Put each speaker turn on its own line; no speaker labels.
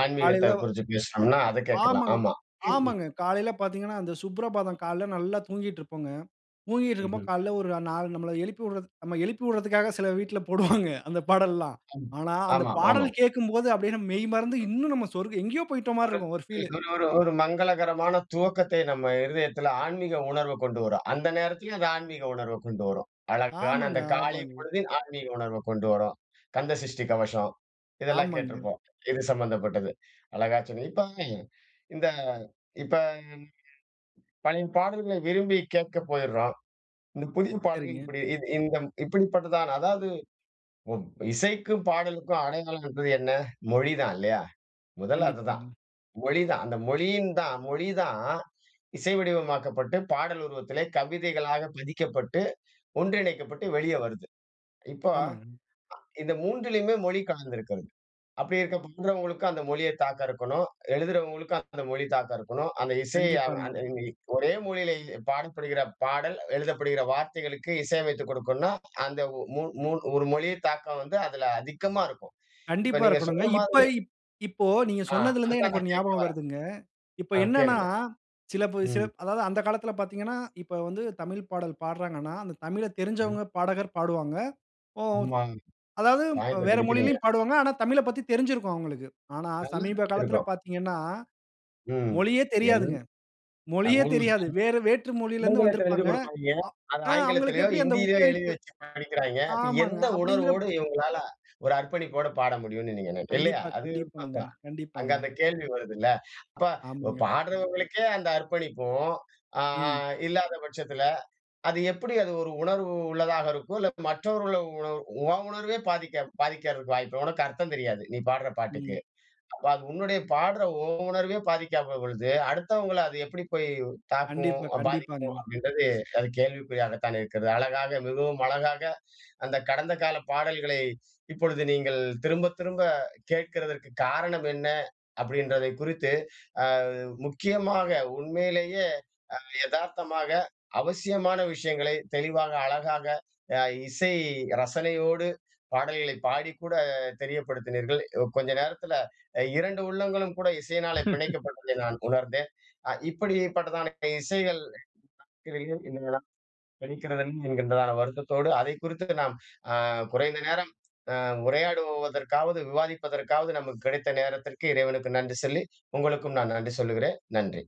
ஆன்மீகத்தை
காலையில,
குறிச்சு
[unintelligible]
பேசினோம்ன்னா, அத கேட்கலாம்.
ஆமாங்க,
ஆமா. [unintelligible]
ஆமாங்க. காலையில பார்த்தீங்கன்னா, அந்த சுப்ரபாதம் காலையில நல்லா தூங்கிட்டு இருப்போங்க. தூங்கிட்டு
ம்ஹ்ம்.
இருக்கும்போது காலையில ஒரு நாலு, நம்மள எழுப்பிவிட நாம்ம எழுப்பி விடுறதுக்காக சில வீட்ல போடுவாங்க. அந்த பாடல்லாம்.
ம்.
ஆனா, அந்த
ஆமா,
பாடல்
ஆமாம்.
கேட்கும்போது அப்படியே மெய்மறந்து இன்னும் நம்ம சொர்க எங்கயோ போய்ட்ட மாதிரி
ஒரு
இருக்கும் ஒரு பீல்.
ஒரு ஒரு ஒரு மங்களகரமான துவக்கத்தை நம்ம இருதயத்தில ஆன்மீக உணர்வு கொண்டு வரும். அந்த நேரத்திலயும் அந்த ஆன்மீக உணர்வ கொண்டு வரும். அழகான
ஆமாங்க,
அந்த காலை
ஆமாங்க.
பொழுது ஆன்மீக உணர்வை கொண்டு வரும். கந்த சஷ்டி கவசம், இதெல்லாம்
ஆமாங்க.
கேட்டிருப்போம். இது சம்மந்தப்பட்டது. அழகா சொன்ன இப்போ, இந்த இப்ப [unintelligible] பழைய பாடல்களை விரும்பி கேட்க போயுறோம். இந்த புதிய பாடல்கள்
சரிங்க.
இப்படி இ இந்தம் இப்படிப்பட்டதா அதாவது, இசைக்கும் பாடலுக்கும் அடையாளம் என்பது என்ன? மொழி தான் இல்லையா? முதல்ல அதுதான்.
கண்டிப்பாங்க.
மொழிதான் அந்த மொழியின் தான், மொழி தான் இசை வடிவமாக்கப்பட்டு ,பாடல் உருவத்திலே கவிதைகளாக பதிக்கப்பட்டு, ஒன்றிணைக்கப்பட்டு வெளியே வருது. இப்போ,
ஆமாங்க.
இந்த மூன்றிலேயுமே மொழி கலந்திருக்கிறது. அப்படி இருக்க படுறவங்களுக்கும் அந்த மொழியை தாக்கம் இருக்கணும். எழுதுகிறவங்களுக்கும் அந்த மொழி தாக்கம் இருக்கணும். அந்த இசையை அந்
கண்டிப்பாங்க.
அந்த ஒரே மொழியில பாடப்படுகிற பாடல், எழுதப்படுகிற வார்த்தைகளுக்கு இசை அமைத்து கொடுக்கணும்னா அந்த மூ மூ ஒரு மொழியை தாக்கம் வந்து அதில, அதிகமா இருக்கும். இப்போ
கண்டிப்பா
நீங்க
இருக்கணுங்க.
சொன்ன
இப்ப
மாதிரி
இப்போ நீங்க
ஆ
சொன்னதில இருந்தே
அதுதான்
எனக்கு ஒரு
நான் கேட்க
ஞாபகம்
வர்றேன்.
வருதுங்க. இப்ப
ஆ
என்னன்னா
கேளுங்கள்.
சில பே
ம்.
அதாவது அந்த காலத்தில பார்த்தீங்கன்னா, இப்போ வந்து தமிழ் பாடல் பாடுறாங்கன்னா, அந்த தமிழ
ம்.
தெரிஞ்சவங்க பாடகர் பாடுவாங்க. ஓ,
ஆமா.
அதாவது
பாயிண்ட்ட
வேற
பிடிக்கிறீங்க.
மொழியிலும் பாடுவாங்க. ஆனா தமிழ பத்தி தெரிஞ்சிருக்கும் அவங்களுக்கு. ஆனா
நல்லா
சமீப காலத்தில
இருந்திருக்கும்.
பார்த்தீங்கன்னா,
ம்.
மொழியே
எல்
தெரியாதுங்க.
[unintelligible]
மொழியே தெரியாது. வேற வேற்று மொழியில இருந்து
ஆங்கிலத்தில
வந்திருப்பாங்க.
எழுதிக் குடுப்பாய்ங்க. அதை
ஆ அவங்களுக்கு
ஆங்கிலத்திலையோ,
எப்படி அந்த
ஹிந்தியிலையோ எழுதி
உச்சரிப்பு.
வைச்சு படிக்கிறாய்ங்க.
ஆமாங்க.
எந்த உணர்வோடு
அப்படிங்கிறப்ப
இவங்களால ஒரு அர்ப்பணிப்போடு பாட முடியும்னு நீங்க நினைக்கிற இல்லையா?
கண்டிப்பா,
அது.
கண்டிப்பாங்க,
அங்க
கண்டிப்பாங்க.
அந்த கேள்வி வருதுல்ல. அப்ப
ஆமாங்க.
பாடுறவங்களுக்கே அந்த அர்ப்பணிப்பும் அ
ம்.
இல்லாத பட்சத்தில அது எப்படி அது ஒரு உணர்வு உள்ளதாக இருக்கும். இல்லை மற்றவர்கள் உணர்வு உன் உணர்வே பாதிக்க பாதிக்கிறதுக்கு வாய்ப்பு. உனக்கு அர்த்தம் தெரியாது! நீ பாடுற பாட்டுக்கு.
ம்.
அப்போ அது உன்னுடைய பாடுற உன் உணர்வே பாதிக்காத பொழுது, அடுத்தவங்களை அது எப்படி போய் தாக்கும்
கண்டிப்பா
பாதிக்கும்.
கண்டிப்பாங்க.
அப்படின்றது அது கேள்விக்குறியாகத்தானே இருக்கிறது. அழகாக மிகவும் அழகாக அந்த கடந்த கால பாடல்களை இப்பொழுது நீங்க திரும்ப திரும்ப கேட்க்கிறதற்கு காரணம் என்ன அப்படி என்பதை குறித்து முக்கியமாக உண்மையிலேயே எதார்த்தமாக, அவசியமான விஷயங்களை தெளிவாக அழகாக, அ இசை ரசனையோடு பாடல்களை பாடி கூட தெரியப்படுத்தினீர்கள். கொஞ்ச நேரத்தில 2 உள்ளங்களும் கூட இசையினால் பிணைக்கப்பட்டதை நான் உணர்ந்தேன். அ இப்படி பட்டதான இசைகள். கத [unintelligible] என்கின்றதான வருத்தத்தோடு அதை குறித்து நாம் அ குறைந்த நேரம் அ உரையாடுவதற்காவது விவாதிப்பதற்காவது நமக்கு கிடைத்த நேரத்திற்கு இறைவனுக்கு நன்றி சொல்லி, உங்களுக்கும் நான் நன்றி சொல்லுகிறேன். நன்றி.